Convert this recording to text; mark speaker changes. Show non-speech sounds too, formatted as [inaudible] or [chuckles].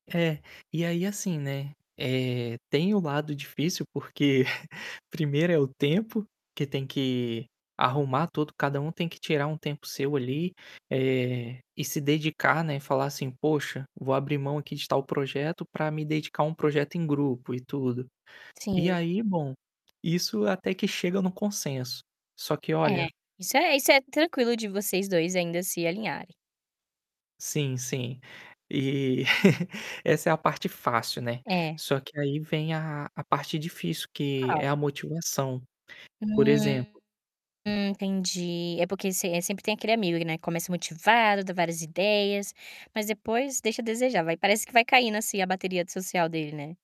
Speaker 1: É, e aí assim, né, eh, tem o lado difícil porque [chuckles] primeiro é o tempo, que tem que arrumar todo cada um tem que tirar um tempo seu ali, eh, e se dedicar, né, e falar assim: "Poxa, vou abrir mão aqui de tal projeto para me dedicar a um projeto em grupo e tudo". E
Speaker 2: Sim.
Speaker 1: aí bom, isso até que chega no consenso, só que
Speaker 2: É,
Speaker 1: olha
Speaker 2: isso é isso é tranquilo de vocês 2 ainda se alinharem.
Speaker 1: Sim, sim. E [chuckles] essa é a parte fácil, né.
Speaker 2: É.
Speaker 1: Só que aí vem a a parte difícil que é
Speaker 2: Qual?
Speaker 1: a motivação. Por
Speaker 2: Hum,
Speaker 1: exemplo
Speaker 2: entendi. É, porque sem eh, sempre tem aquele amigo, né, começa motivado, dá várias ideias, mas depois deixa a desejar vai parece que vai caindo assim a bateria de social dele, né.